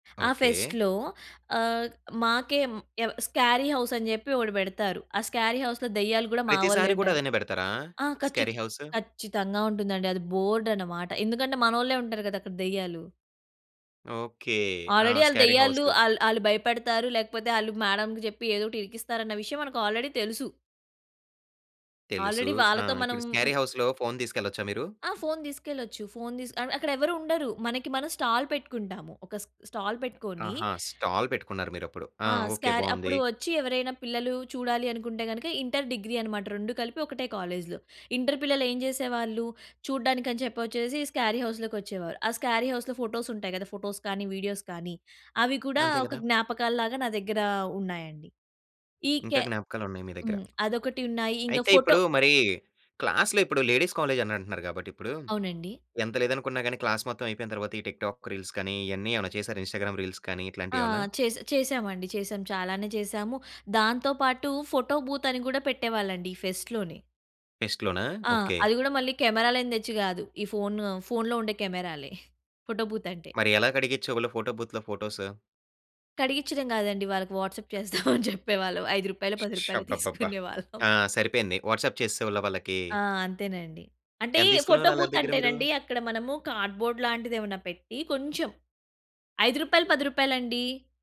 ఆ ఓకే. ఫెస్ట్‌లో ఆహ్, మాకే ఎం స్కేరీ హౌస్ అని చెప్పి ఒకటి పెడతారు. ఆ స్కేరీ హౌస్‌లో దెయ్యాలు గూడా మా వాళ్ళే ప్రతిసారి కూడా ఉంటారు. అదేనే పెడతారా? ఆ ఖచ్చిత స్కేరీ హౌసు? ఖచ్చితంగా ఉంటుందండి అది బోర్డ్ అన్నమాట. ఎందుకంటే మనోళ్ళే ఉంటారు కదా అక్కడ దెయ్యాలు. ఓకే. ఆ! ఆల్రెడీ ఆళ్ళు స్కేరీ దెయ్యాలు. హౌస్‌కు. అల్ ఆళ్ళు భయపడతారు, లేకపోతే ఆళ్ళు మేడంకి చెప్పి ఏదో ఒకటి ఇరికిస్తారన్న విషయం మనకు ఆల్రెడీ తెలుసు. తెలుసు ఆల్రెడీ ఆ! వాళ్ళతో మనం. ఇప్పుడు స్కేరీ ఉయ్ హౌస్‌లో ఫోన్ తీసుకెళ్లొచ్చా మీరు? ఆ! ఫోన్ తీసుకెళ్లొచ్చు. ఫోన్ తిస్ అక్కడ ఎవరు ఉండరు. మనకి మనం స్టాల్ పెట్టుకుంటాము. ఒక స్ట స్టాల్ పెట్టుకొని ఆహా! స్టాల్ పెట్టుకున్నారు మీరప్పుడు ఆ! ఆ! ఓకే స్కార్ బావుంది. అప్పుడు వచ్చి ఎవరైనా పిల్లలు చూడాలి అనుకుంటే గనుక ఇంటర్ డిగ్రీ అన్నమాట. 2 కలిపి ఒకటే కాలేజ్‌లో ఇంటర్ పిల్లలు ఏం చేసేవాళ్ళు, చూడడానికి అని చెప్పి వచ్చేసి స్కారీ హౌస్‌లోకి వచ్చేవారు. ఆ స్కారీ హౌస్‌లో ఫోటోస్ ఉంటాయి కదా! ఫోటోస్ కానీ వీడియోస్ కానీ, అవి కూడా అంతే ఒక కదా! జ్ఞాపకాల్లాగా నా దగ్గర ఉన్నాయండి. ఈ ఇంకా కె జ్ఞాపకాలున్నాయి మీ దగ్గర. హ్మ్. అదొకటి ఉన్నాయి. ఇంకా అయితే ఫోటో ఇప్పుడు మరి క్లాస్‌లో ఇప్పుడు లేడీస్ కాలేజ్ అని అంటున్నారు కాబట్టి ఇప్పుడు, అవునండి. ఎంత లేదనుకున్న గాని క్లాస్ మొత్తం అయిపోయిన తరువాత ఈ టిక్ టాక్ రీల్స్ కానీ, ఇయన్నీ ఏమైనా చేసారా ఇ‌న్‌స్టాగ్రామ్ రీల్స్ కానీ ఆ! ఇట్లాంటియేమన్నా? చేస చేసామండి చేసాం చాలానే చేసాము. దాంతో పాటు ఫోటో బూత్ అని కూడా పెట్టేవాళ్ళండి ఈ ఫెస్ట్‌లోనే. ఫెస్ట్‌లోనా? ఆ! ఓకే. అది కూడా మళ్ళీ కెమెరాలని తెచ్చి కాదు, ఈ ఫోన్ ఫోన్‌లో ఉండే కెమెరాలే ఫోటో బూత్ అంటే. మరి ఎలా కడిగించే వోళ్ళు ఫోటో బూత్‌లో ఫోటోసు? కడిగిచడం కాదండి. వాళ్ళకి వాట్సాప్ చేస్తాం అని చెప్పేవాళ్ళం. రూ. 5 రూపాయలో, ష్! రూ. 10 రూపాయలు బ్బబ్బబ్బా! తీసుకునేవాళ్ళం. ఆ! సరిపోయింది వాట్సాప్ చేసేవాళ్ళ వాళ్ళకి. ఆ! అంతేనండి. అంటే ఎంత తీసుకునే ఫోటో వాళ్ళు వాళ్ళ బూత్ దగ్గర మీరు? అంటేనండి, అక్కడ మనము కార్డ్‌బోర్డ్ లాంటిదేమైనా పెట్టి కొంచెం రూ. 5, రూ. 10 రూపాయలండి!